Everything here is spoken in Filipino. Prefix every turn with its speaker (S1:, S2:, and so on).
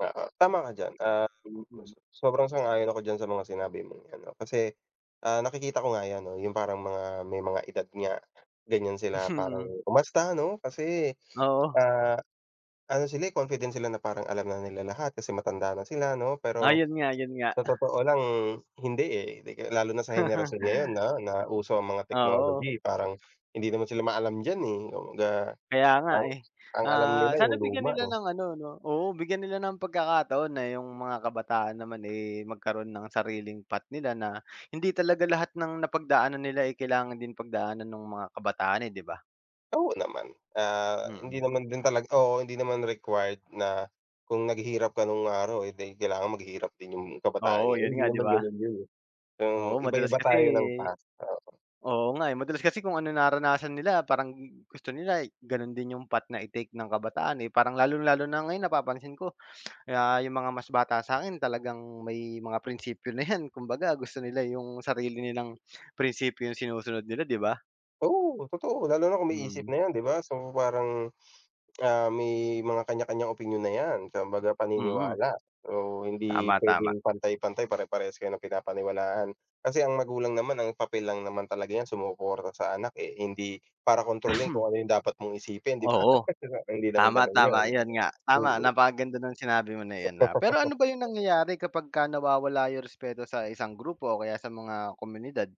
S1: Oo, tama ka diyan. Ah,
S2: Mm.
S1: [unintelligible] sobrang sang-ayon ako diyan sa mga sinabi mong 'yan, 'no, kasi, ah, nakikita ko nga 'yan, 'no, 'yong parang mga, may mga edad nga, ganiyan sila parang
S2: Mm.
S1: umasta,' no. Kasi,
S2: Oo.
S1: ah, ano sila, eh, confident sila na parang alam na nila lahat kasi matanda na sila, 'no,
S2: Ah,
S1: pero,
S2: 'yon nga, 'yon nga.
S1: sa totoo lang hindi, eh. Lalo na sa henerasyon ngayon, 'no, na uso ang mga
S2: Oo.
S1: technology, parang hindi naman sila maalam diyan, eh, kumbaga,
S2: Kaya nga,
S1: ang
S2: eh.
S1: ang alam
S2: Ah,
S1: nila
S2: sana
S1: 'yong
S2: bigyan
S1: luma,
S2: nila
S1: 'no.
S2: ng ano, 'no, oo, bigyan nila ng pagkakataon na 'yong mga kabataan naman, eh, magkaroon ng sariling path nila. Na hindi talaga lahat ng napagdaanan nila, eh, kailangan din pagdaanan no'ng mga kabataan, eh, 'di ba?
S1: Oo, naman. Ah, hindi
S2: Mm.
S1: naman din talaga oo, hindi naman required na, kung naghirap ka no'ng araw, eh, 'di kailangan maghirap din 'yong
S2: Oo,
S1: kabataan ngayon,
S2: 'yon
S1: hindi
S2: nga, 'di
S1: naman
S2: ba.
S1: gano'n 'yon, eh. So,
S2: Oo, madalas
S1: iba-iba
S2: kasi
S1: tayo ng past, oo.
S2: Oo nga, eh, madalas kasi kung ano naranasan nila, parang gusto nila gano'n din 'yong path na i-take ng kabataan, eh. Parang lalong-lalo na ngayon napapansin ko, na 'yong mga mas bata sa'kin talagang may mga prinsipyo na 'yan. Kumbaga, gusto nila 'yong sarili nilang prinsipyo sinusunod nila, 'di ba.
S1: Oo, totoo. Lalo na kung may isip
S2: Mm.
S1: na 'yan, 'di ba, so, parang, ah, may mga kaniya-kaniyang opinyon na 'yan, kumbaga
S2: Mm.
S1: paniniwala, oo. Hindi
S2: Tama, tama.
S1: puwedeng pantay-pantay, pare-parehas kayo ng pinapaniwalaan. Kasi ang magulang naman ang papel lang naman talaga niyan sumuporta sa anak, eh. Hindi, para kontrolin kung ano 'yong dapat mong isipin, 'di ba.
S2: Oo.
S1: e'Di ba, hindi naman
S2: Tama,
S1: gano'n
S2: tama,
S1: 'yon.
S2: ayan nga, tama.
S1: Mm.
S2: Napakaganda ng sinabi mo na iyan, ah. Pero, ano ba 'yong nangyayari kapagka nawawala 'yong respeto sa isang grupo o kaya sa mga komunidad?